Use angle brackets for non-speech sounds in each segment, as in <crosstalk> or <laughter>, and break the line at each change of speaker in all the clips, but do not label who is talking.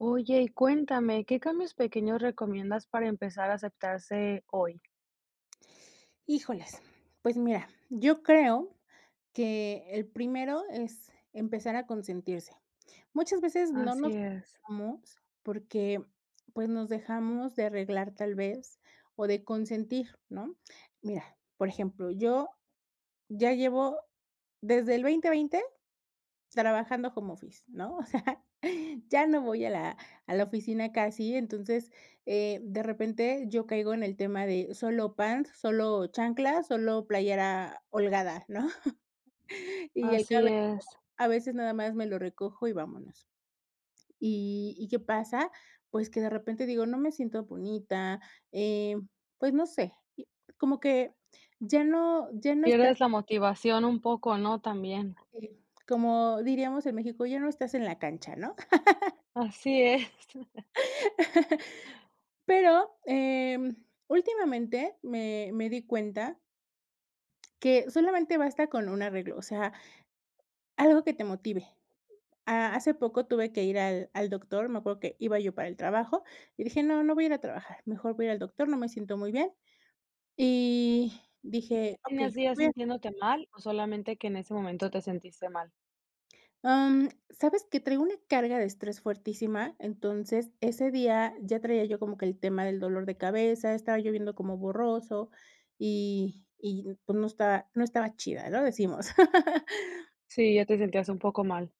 Oye, y cuéntame, ¿qué cambios pequeños recomiendas para empezar a aceptarse hoy?
Híjoles, pues mira, yo creo que el primero es empezar a consentirse, muchas veces no
Así
nos
es.
cuidamos porque, pues, nos dejamos de arreglar tal vez o de consentir, ¿no?, mira, por ejemplo, yo ya llevo desde el 2020 trabajando home office, ¿no?, o sea, ya no voy a la a la oficina casi, entonces, eh, de repente yo caigo en el tema de solo pants, solo chanclas, solo playera holgada, ¿no?, y el
Así
cabello
es.
a veces nada más me lo recojo y vámonos, y y, ¿qué pasa?, pues, que de repente digo no me siento bonita, em, pues no sé, como que, ya no ya no está
Pierdes la motivación un poco, ¿no?, también.
eh, como diríamos en México, ya no estás en la cancha, ¿no? <laughs>
Así es. <laughs>
<laughs> Pero, em, últimamente me me di cuenta que solamente basta con un arreglo, o sea algo que te motive, ah, hace poco tuve que ir al al doctor, me acuerdo que iba yo para el trabajo, y dije: "No, no voy a ir a trabajar, mejor voy a ir al doctor, no me siento muy bien", y
¿Y ya
dije: "Okey,
tenías días
voy a"
sintiéndote mal o solamente que en ese momento te sentiste mal?
Am, ¿sabes qué?, traigo una carga de estrés fuertísima, entonces ese día ya traía yo como que el tema del dolor de cabeza, estaba yo viendo como borroso y y, pues, no estaba no estaba chida, ¿no?, decimos. <laughs>
Sí, ya te sentías un poco mal.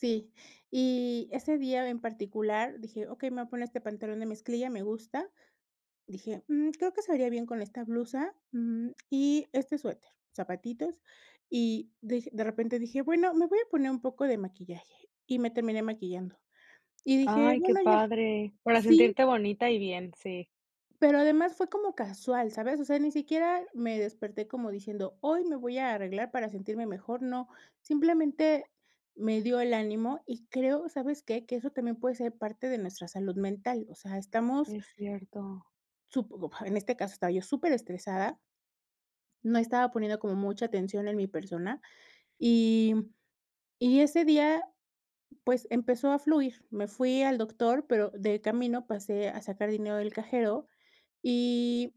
Sí, y ese día en particular dije: "Okey, me voy a poner este pantalón de mezclilla, me gusta", dije: "Mm, creo que se vería bien con esta blusa, mm, y este suéter, zapatitos", y de de repente dije: "Bueno, me voy a poner un poco de maquillaje", y me terminé maquillando, y dije:
Ay, qué
"Bueno, ya",
padre, para
sí
sentirte bonita y bien, sí.
pero además fue como casual, ¿sabes?, o sea, ni siquiera me desperté como diciendo, hoy me voy a arreglar para sentirme mejor, no, simplemente, me dio el ánimo y creo, ¿sabes qué?, que eso también puede ser parte de nuestra salud mental, o sea, estamos
Es cierto.
supongo, en este caso estaba yo súper estresada no estaba poniendo como mucha atención en mi persona y y ese día, pues, empezó a fluir, me fui al doctor, pero de camino pasé a sacar dinero del cajero y,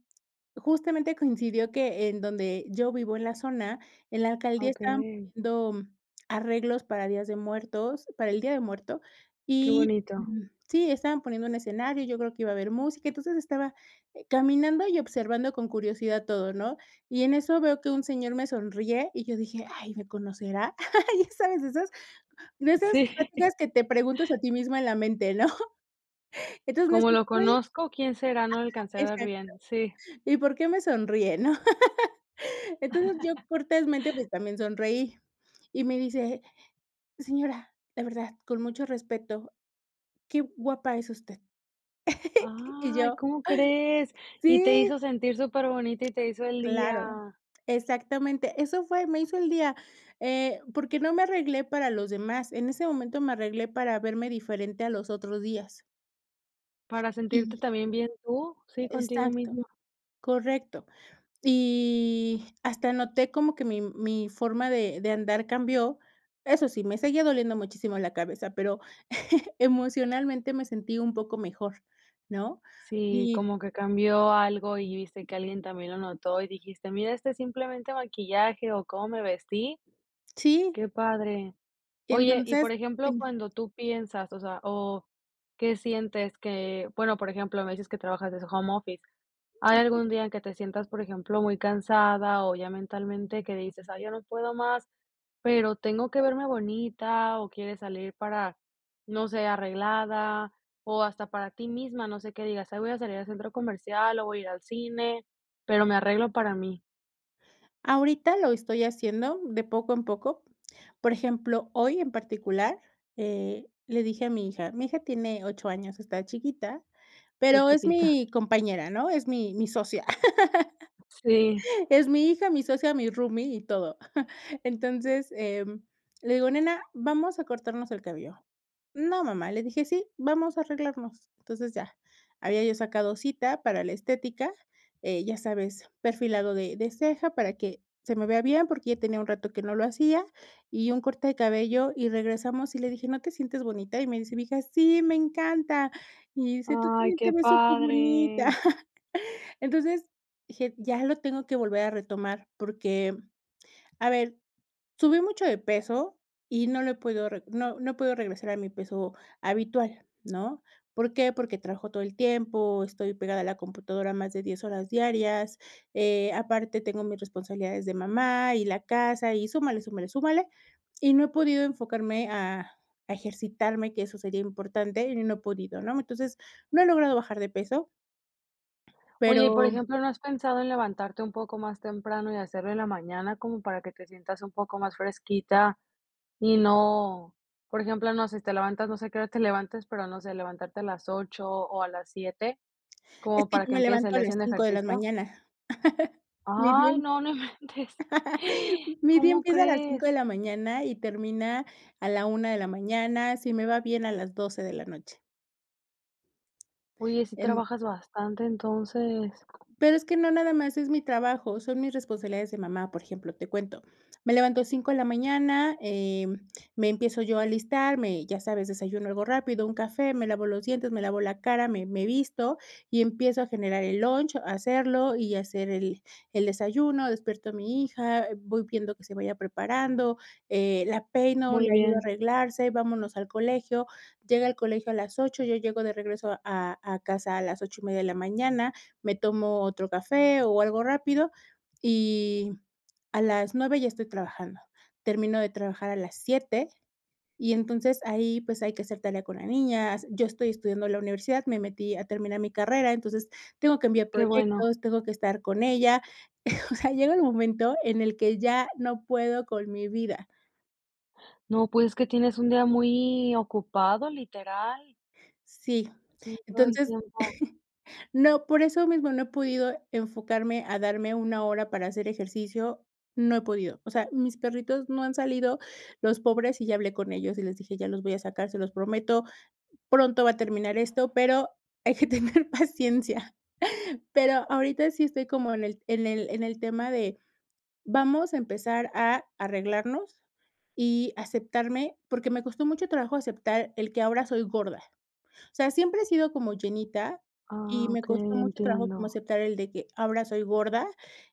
justamente coincidió que en donde yo vivo en la zona, en la alcaldía estaban
Okey.
poniendo arreglos para días de muertos, para el día de muerto,
Qué
y
bonito.
sí, estaban poniendo un escenario, yo creo que iba a haber música, entonces estaba caminando y observando con curiosidad todo, ¿no?, y en eso veo que un señor me sonríe y yo dije: "Ay, ¿me conocerá?", ya sabes, de esas de esas
Sí.
pláticas que te preguntas a ti misma en la mente, ¿no?, entonces, le
Como, ¿lo
sonreí,
conozco?, ¿quién será?, no
ajá,
alcancé a ver
exacto,
bien, sí.
¿y por qué me sonríe, ¿no?, <laughs> entonces, yo
<laughs>
cortésmente, pues, también sonreí, y me dice: "señora, de verdad, con mucho respeto, qué guapa es usted", <laughs> y
Ay,
yo,
¿cómo crees?, y
sí.
te hizo sentir superbonita y te hizo el
Claro,
día.
exactamente, eso fue, me hizo el día, eh, porque no me arreglé para los demás, en ese momento me arreglé para verme diferente a los otros días.
Para sentirte
Y
también bien tú, sí, contigo
Exacto,
misma.
correcto. Y hasta noté como que mi mi forma de de andar cambió. Eso sí, me seguía doliendo muchísimo la cabeza, pero, <chuckles> emocionalmente, me sentí un poco mejor, ¿no?,
Sí,
y
como que cambió algo, y viste que alguien también lo notó, y dijiste: "Mira, este es simplemente maquillaje, o cómo me vestí".
Sí.
Qué padre.
Y
Oye, y
entonces
por ejemplo,
Dime.
cuando tú piensas o sea, o qué sientes que bueno, por ejemplo, me dices que trabajas desde home office, ¿hay
<unintelligible>
algún día en que te sientas por ejemplo, muy cansada, o ya mentalmente, que dices: "Ay ya no puedo más pero tengo que verme bonita" o quieres salir para, no sé, arreglada, o hasta para ti misma, no sé, qué digas: "Ay, voy a salir al centro comercial, o voy a ir al cine, pero me arreglo para mí"?
Ahorita lo estoy haciendo de poco en poco, por ejemplo, hoy en particular, eh, le dije a mi hija, mi hija tiene 8 años, está chiquita,
Es
pero es
chiquita.
mi compañera, ¿no?, es mi mi socia,
Sí.
<laughs> es mi hija, mi socia, mi roomie y todo. <chuckles> Entonces, em, le digo: "Nena, vamos a cortarnos el cabello". "No, mamá", le dije: "Sí, vamos a arreglarnos". Entonces, ya. Había yo sacado cita para la estética, eh, ya sabes, perfilado de de ceja para que se me vea bien, porque ya tenía un rato que no lo hacía, y un corte de cabello, y regresamos, y le dije: "¿No te sientes bonita?", y me dice mi hija: "Sí, me encanta". Y dice: "Tú
¡Ay,
tambien te
qué
ves superbonita".
padre!
<chuckles> Entonces, dije: "Ya lo tengo que volver a retomar", porque, a ver, subí mucho de peso, y no lo he podido reg no no he podido regresar a mi peso habitual, ¿no? ¿Por qué?, porque trabajo todo el tiempo, estoy pegada a la computadora más de 10 horas diarias, eh, aparte tengo mis responsabilidades de mamá y la casa, y súmale, súmale, súmale, y no he podido enfocarme a a ejercitarme, que eso sería importante, y no he podido, ¿no? Entonces, no he logrado bajar de peso,
Oye, y por
pero
ejemplo, ¿no has pensado en levantarte un poco más temprano y hacerlo en la mañana como para que te sientas un poco más fresquita y no?, por ejemplo, no sé, te levantas, no sé a qué hora te <chuckles> levantes, pero no sé, levantarte a las 8, o a las 7,
Es
como
que
para
yo
que
me
empiece el
levanto a
día
las
haciendo
5 de la
ejercicio.
mañana, <chuckles> ni
Ay,
bien,
no, no inventes,
<laughs> mi día
¿cómo
empieza a las 5
crees?
de la mañana, y termina a la 1 de la mañana, si me va bien a las 12 de la noche.
Oye, sí
En
trabajas bastante entonces.
Pero, es que no nada más es mi trabajo, son mis responsabilidades de mamá, por ejemplo, te cuento. Me levanto 5 de la mañana, eh, me empiezo yo a alistar, me ya sabes, desayuno algo rápido, un café, me lavo los dientes, me lavo la cara, me me visto, y empiezo a generar el lunch, a hacerlo, y hacer el el desayuno, despierto a mi hija, voy viendo que se vaya preparando, eh, la peino,
Muy
le ayudo a
bien.
arreglarse, vámonos al colegio, llega al colegio a las 8, yo llego de regreso a a casa a las 8 y media de la mañana, me tomo otro café, o algo rápido, y a las 9 ya estoy trabajando. Termino de trabajar a las 7, y entonces ahí, pues, hay que hacer tarea con la niña, yo estoy estudiando la universidad, me metí a terminar mi carrera. Entonces, tengo que enviar
Qué bueno.
proyectos, tengo que estar con ella. <chuckles> O sea, llega el momento en el que ya no puedo con mi vida.
No, pues, es que tienes un día muy ocupado, literal.
Sí,
Sí, todo el
entonces,
tiempo.
<chuckles> no, por eso mismo no he podido enfocarme a darme una hora para hacer ejercicio, no he podido. O sea, mis perritos no han salido, los pobres, y ya hablé con ellos, y les dije: "Ya los voy a sacar, se los prometo, pronto va a terminar esto, pero hay que tener paciencia". Pero, ahorita sí estoy como en el en el en el tema de vamos a empezar a arreglarnos, y aceptarme, porque me costó mucho trabajo aceptar el que ahora soy gorda. O sea, siempre he sido como llenita y
Ah,
me costó
okey,
mucho trabajo como
entiendo.
aceptar el de que, ahora soy gorda,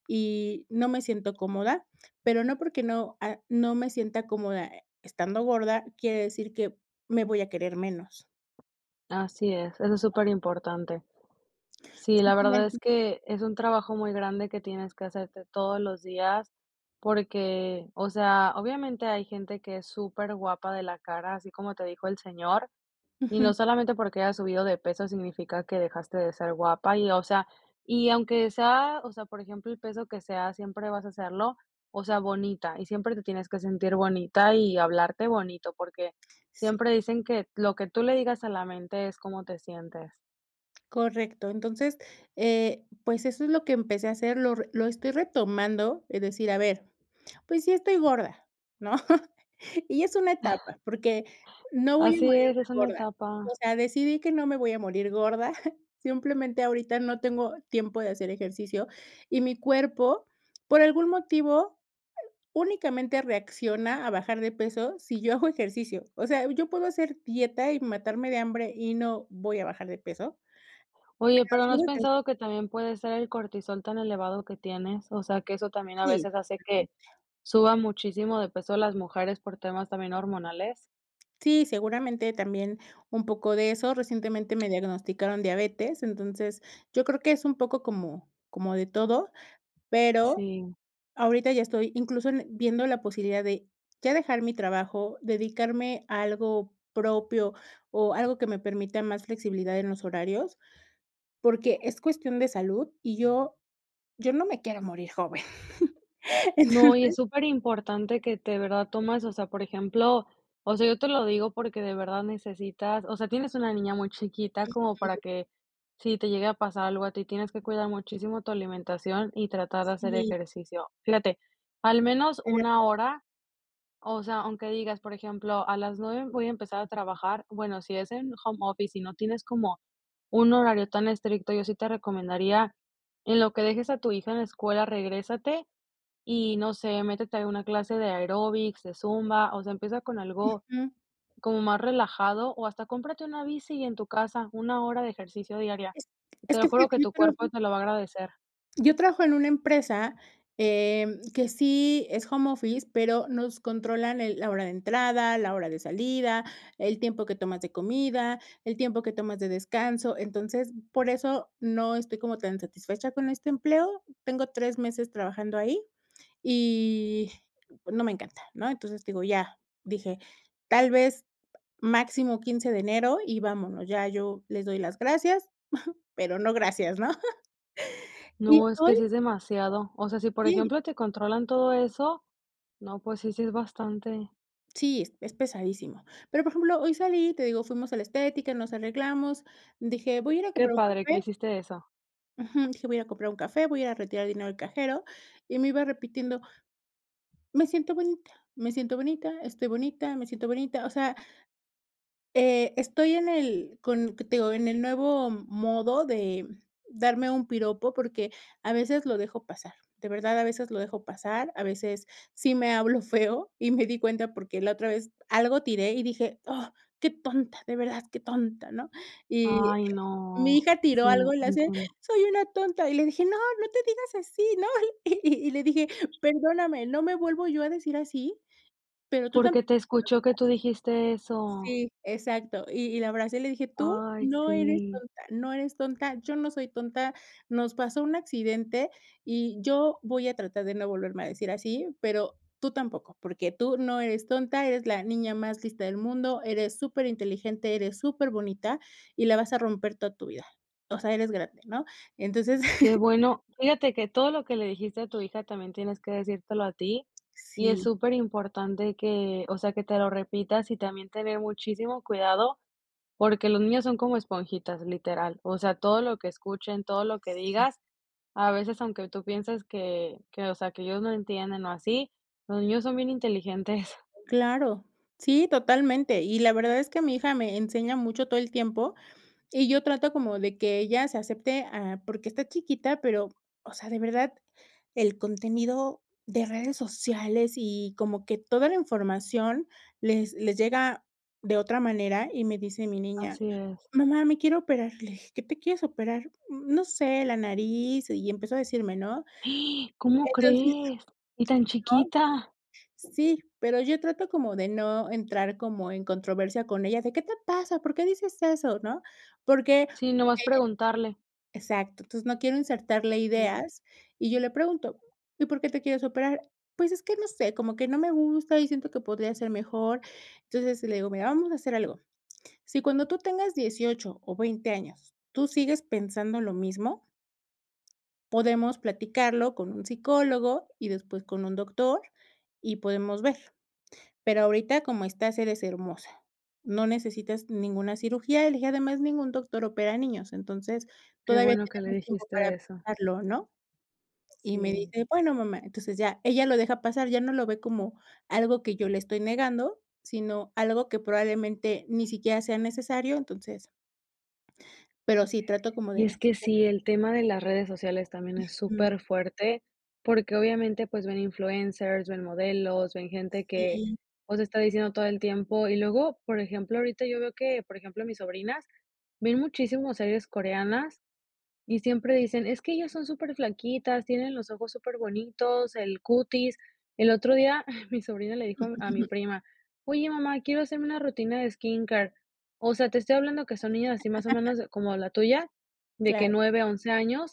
y no me siento cómoda, pero no, porque no, ah, no me sienta cómoda, eh, estando gorda, quiere decir que me voy a querer menos.
Así es, eso es superimportante. Sí, la verdad
Simplemente.
es que, es un trabajo muy grande que tienes que hacerte todos los días, porque, o sea, obviamente hay gente que es superguapa de la cara, así como te dijo el señor, y
Ujú.
no solamente porque hayas subido de peso significa que dejaste de ser guapa y, o sea, y aunque sea, o sea, por ejemplo, el peso que sea, siempre vas a serlo, o sea, bonita, y siempre te tienes que sentir bonita y hablarte bonito, porque
Sí.
siempre dicen que: "Lo que tú le digas a la mente es cómo te sientes".
Correcto, entonces, eh, pues, eso es lo que empecé a hacer, lo lo estoy retomando, es decir, a ver, pues, sí estoy gorda, ¿no?, <chuckles> y es una etapa, porque no voy a
Así
morir
es,
de
es una
gorda. O
etapa.
sea, decidí que no me voy a morir gorda, <chuckles> simplemente ahorita no tengo tiempo de hacer ejercicio, y mi cuerpo, por algún motivo, únicamente reacciona a bajar de peso sí yo hago ejercicio. O sea, yo puedo hacer dieta y matarme de hambre, y no voy a bajar de peso.
Oye,
Pero,
pero,
sí
¿no has
<unintelligible>
pensado que también puede ser el cortisol tan elevado que tienes, o sea, que eso también a
Sí.
veces hace que, suba muchísimo de peso las mujeres por temas también hormonales?
Sí, seguramente también un poco de eso. Recientemente me diagnosticaron diabetes, entonces, yo creo que es un poco como como de todo, pero,
Sí.
ahorita ya estoy incluso, en viendo la posibilidad de ya dejar mi trabajo, dedicarme a algo propio, o algo que me permita más flexibilidad en los horarios, porque es cuestión de salud, y yo yo no me quiero morir joven,
No, y
entonces.
es superimportante que te verdad tomas, o sea, por ejemplo, o sea, yo te lo digo porque de verdad necesitas, o sea, tienes una niña muy chiquita como para
Ujú.
que, si te llegue a pasar algo a ti, tienes que cuidar muchísimo tu alimentación y tratar de hacer
Sí.
ejercicio. Fíjate, al menos
Sí, es
1
verdad.
hora, o sea, aunque digas, por ejemplo: "A las 9 voy a empezar a trabajar", bueno, si es en home office y no tienes como un horario tan estricto, yo sí te recomendaría, en lo que dejes a tu hija en la escuela, regrésate y, no sé, métete a una clase de aeróbics, de zumba, o sea, empieza con algo
Ujú.
como más relajado, o hasta cómprate una bici y en tu casa, 1 hora de ejercicio diaria.
Es
Te
es
lo
que
juro,
fíjate
que
yo
tu cuerpo
trabajo.
te lo va a agradecer.
Yo trabajo en una empresa, eh, que sí es home office, pero, nos controlan el la hora de entrada, la hora de salida, el tiempo que tomas de comida, el tiempo que tomas de descanso. Entonces, por eso no estoy como tan satisfecha con este empleo. Tengo 3 meses trabajando ahí, y, no me encanta, ¿no?, entonces, te digo, ya dije: "Tal vez, máximo 15 de enero, y vámonos", ya yo les doy las gracias, <chuckles> pero no, gracias, ¿no?, <chuckles> y
No, es que
hoy.
sí es demasiado, o sea, sí por
Sí.
ejemplo te controlan todo eso, no pues sí, sí es bastante.
Sí, es pesadísimo. Pero, por ejemplo, hoy salí, te digo, fuimos a la estética, nos arreglamos, dije: "Voy a ir a
Qué
comprar un
padre, que
café".
hiciste esa.
Ujú, dije: "Voy a ir a comprar un café, voy a ir a retirar dinero del cajero", y me iba repitiendo: "Me siento bonita, me siento bonita, estoy bonita, me siento bonita". O sea eh, estoy en el con que te digo, en el nuevo modo de darme un piropo, porque a veces lo dejo pasar, de verdad, a veces lo dejo pasar, a veces sí me hablo feo y me di cuenta, porque la otra vez algo tiré y dije: "Ah, qué tonta, de verdad, qué tonta", ¿no?, y
Ay,
mi
no.
hija tiró
Sí,
algo y le hace:
entiendo.
"Soy una tonta", y le dije: "No, no te digas así," ¿no?, y y le dije: "Perdóname, no me vuelvo yo a decir así, pero tú
Porque
tampoco
te
te lo
escuchó que
digas".
tú dijiste eso.
Sí, exacto, y y la verdad sí le dije: "Tú
Ay,
no eres
sí.
tonta, no eres tonta, yo no soy tonta, nos pasó un accidente, y yo voy a tratar de no volverme a decirme así, pero tú tampoco, porque tú no eres tonta, eres la niña más lista del mundo, eres superinteligente, eres superbonita y la vas a romper toda tu vida, o sea, eres grande, ¿no?". Entonces
Qué
<chuckles>
bueno. Fíjate que todo lo que le dijiste a tu hija también tienes que decírtelo a ti, y es
Sí.
superimportante que, o sea, que te lo repitas y también tener muchísimo cuidado, porque los niños son como esponjitas, literal, o sea, todo lo que escuchen, todo lo que
Sí.
digas, a veces, aunque tú pienses que que, o sea, que ellos no entienden o así, los niños son bien inteligentes. <giggles>
Claro, sí, totalmente, y la verdad es que mi hija me enseña mucho todo el tiempo, y yo trato como de que ella se acepte a porque está chiquita, pero, o sea, de verdad, el contenido de redes sociales y como que toda la información les les llega de otra manera, y me dice mi niña:
Así es.
"Mamá, me quiero operar", le dije: "¿Qué te quieres operar?". "Mm, no sé, la nariz", y empezó a decirme, ¿no?
<gasps> ¿Cómo
Entonces yo
crees? ¿Y tan chiquita?
Sí, pero yo trato como de no entrar como en controversia con ella, de: "¿Qué te pasa?, ¿por qué dices eso?", ¿no?, porque
Sí, nomás
eh
preguntarle.
exacto, entonces, no quiero insertarle
Sí.
ideas, y yo le pregunto: "¿Y por qué te quieres operar?". "Pues, es que no sé, como que no me gusta y siento que podría ser mejor". Entonces, le digo: "Mira, vamos a hacer algo. Si cuando tú tengas 18 o 20 años, tú sigues pensando lo mismo podemos platicarlo con un psicólogo y después con un doctor, y podemos ver, pero ahorita, como estás, eres hermosa, no necesitas ninguna cirugía", y le dije: "Además, ningún doctor opera niños, entonces,
Qué
todavía
bueno que le
tenemos tiempo para
dijiste eso.
pensarlo", ¿no?, y me
Sí.
dice: "Bueno, mamá", entonces ya, ella lo deja pasar, ya no lo ve como algo que yo le estoy negando, sino algo que probablemente ni siquiera sea necesario, entonces Pero sí, trato como
Y es
de
que
Sí.
sí, el tema de las redes sociales también es
Ujú.
superfuerte, porque obviamente, pues, ven influencers, ven modelos, ven gente que,
Sí.
pues, está diciendo todo el tiempo Y luego, por ejemplo, ahorita yo veo que, por ejemplo, mis sobrinas ven muchísimo series coreanas y siempre dicen: "Es que ellas
Sí.
son superflaquitas, tienen los ojos superbonitos, el cutis". El otro día <chuckles> mi sobrina le dijo a mi a mi
<chuckles>
prima: "Oye, mamá, quiero hacerme una rutina de skin care". O sea, te estoy hablando que son niñas así más o
<chuckles>
menos de como la tuya, de que
Claro.
9 a 11 años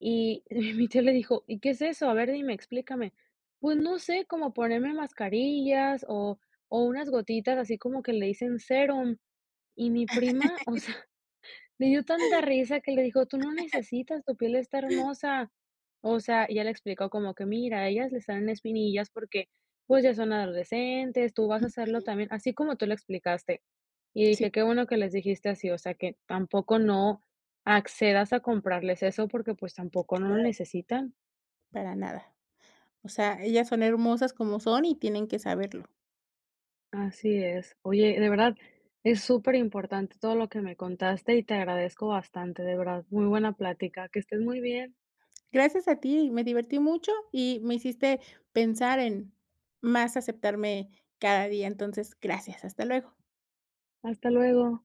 y y mi tío le dijo: "¿Y qué es eso? A ver, dime, explícame". "Pues no sé cómo ponerme mascarillas o o unas gotitas así como que le dicen sérum", y mi prima, o sea,
<chuckles>
le dio tanta risa que le dijo: "Tú no
<chuckles>
necesitas, tu piel está hermosa". O sea, ella le explicó como que mira, a ellas le salen espinillas porque, pues, ya son adolescentes, tú vas a serlo
Ujú.
también, así como tú lo explicaste. Y
Sí.
dije: "Qué bueno que les dijiste así, o sea, que tampoco no accedas a comprarles eso porque, pues, tampoco no lo
Claro.
necesitan".
Para nada. O sea, ellas son hermosas como son y tienen que saberlo.
Así es. Oye, de verdad, es súper importante todo lo que me contaste y te agradezco bastante, de verdad, muy buena plática. Que estés muy bien.
Gracias a ti, me divertí mucho y me hiciste pensar en más aceptarme cada día, entonces, gracias, hasta luego.
Hasta luego.